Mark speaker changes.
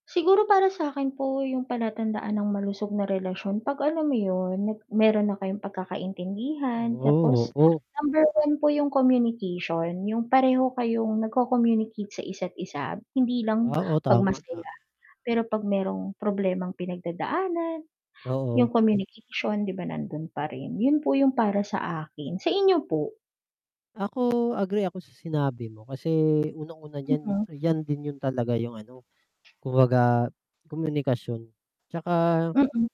Speaker 1: Siguro para sa'kin po, yung palatandaan ng malusog na relasyon, 'pag alam mo yun, nag meron na kayong pagkakaintindihan
Speaker 2: Oh,
Speaker 1: tapos
Speaker 2: oo.
Speaker 1: number 1 po yung communication, yung pareho kayong nag-co-communicate sa isa't isa. Hindi lang
Speaker 2: Wow, o,
Speaker 1: 'pag
Speaker 2: tama, ta
Speaker 1: masaya, pero 'pag merong problemang pinagdadaanan,
Speaker 2: Oo.
Speaker 1: yung communication 'di ba? Nandun pa rin. Yun po, yung para sa akin, sa inyo po?
Speaker 2: Ako, agree ako sa sinabi mo, kasi unang-una diyan
Speaker 1: Mm.
Speaker 2: 'yan din yun talaga yung ano, kumbaga, komunikasyon tsaka
Speaker 1: Mm.